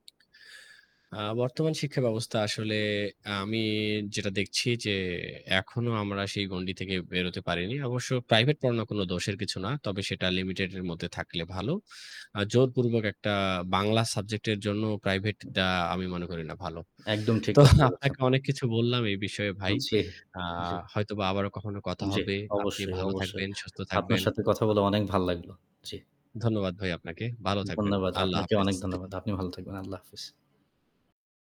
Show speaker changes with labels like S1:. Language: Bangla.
S1: আ বর্তমান শিক্ষা ব্যবস্থা আসলে আমি যেটা দেখছি যে, এখনো আমরা সেই গণ্ডি থেকে বেরোতে পারিনি। অবশ্য প্রাইভেট পড়ানোর কোন দোষের কিছু না। তবে সেটা লিমিটেড এর মধ্যে থাকলে ভালো। আ জোরপূর্বক একটা বাংলা সাবজেক্ট এর জন্য প্রাইভেট দেয়া আমি মনে করি না ভালো।
S2: একদম। ঠিক
S1: তো
S2: কথা বলেছন।
S1: আপনাকে অনেক কিছু বললাম। এই বিষয়ে ভাই।
S2: জ্বী।
S1: আ
S2: জ্বী।
S1: হয়তোবা আবারো কখনো কথা
S2: জ্বি।
S1: হবে। আপনি
S2: অবশ্যই,
S1: ভালো
S2: অবশ্যই।
S1: থাকবেন, সুস্থ
S2: আপনার
S1: থাকবেন।
S2: সাথে কথা
S1: [unintelligible]
S2: বলে অনেক ভাল লাগল। জ্বি।
S1: ধন্যবাদ ভাই আপনাকে। ভালো থাকবেন।
S2: ধন্যবাদ।
S1: আল্লাহ
S2: আপনাকে
S1: হাফেজ।
S2: অনেক ধন্যবাদ। আপনি ভালো থাকবেন। আল্লাহ হাফেজ।